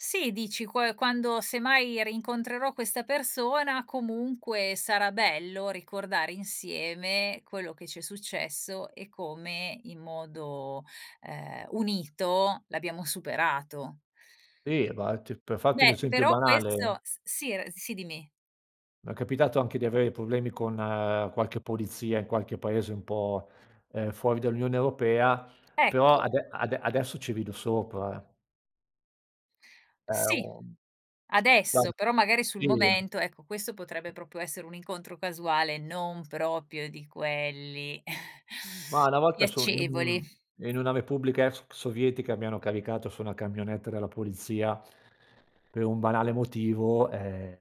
Sì, dici qua quando, semmai, rincontrerò questa persona, comunque sarà bello ricordare insieme quello che ci è successo, e come in modo, ehm, unito l'abbiamo superato. Sì, infatti per farti un Beh, esempio però questo banale s sì, ehm, s sì, dimmi. m'è capitato anche di avere problemi con qualche polizia, in qualche paese un po', ehm, fuori dall'Unione Europea, però Ecco. ade ade adesso ci rido sopra. È Sì, un adesso. [unintelligible] Però magari sul sì. momento, ecco, questo potrebbe proprio essere un incontro casuale, non proprio di quelli Ma una volta so in piacevoli. un in una repubblica ex sovietica, mi hanno caricato su una camionetta della polizia, per un banale motivo, ehm,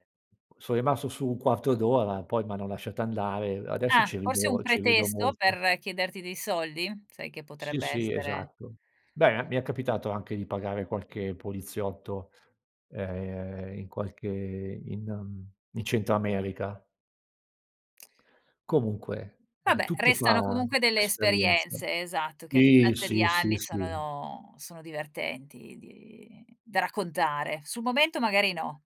sono rimasto su un quarto d'ora, poi m'hanno lasciata andare, adesso Ah, ci forse un rido ci rido pretesto molto. per chiederti dei soldi? Sai che Sì, potrebbe sì, essere esatto. Beh, e mi è capitato anche di pagare qualche poliziotto, ehm, in qualche in, mhmm, in centro America. Comunque, ehm, Vabbè, tutto restano fa comunque delle esperienza. esperienze. Esatto, che a Sì, distanza di sì, sì, anni sì. sono sono divertenti di da raccontare. Sul momento magari no.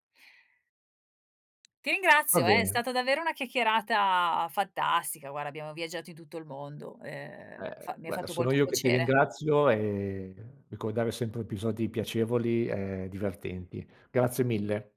Ti Va ringrazio, è bene. stata davvero una chiacchierata fantastica, guarda abbiamo viaggiato in tutto il mondo, ehm, Eh, fa mi ha guarda fatto sono molto io che ti piacere. ringrazio, e ricordare sempre episodi piacevoli, e divertenti. Grazie mille.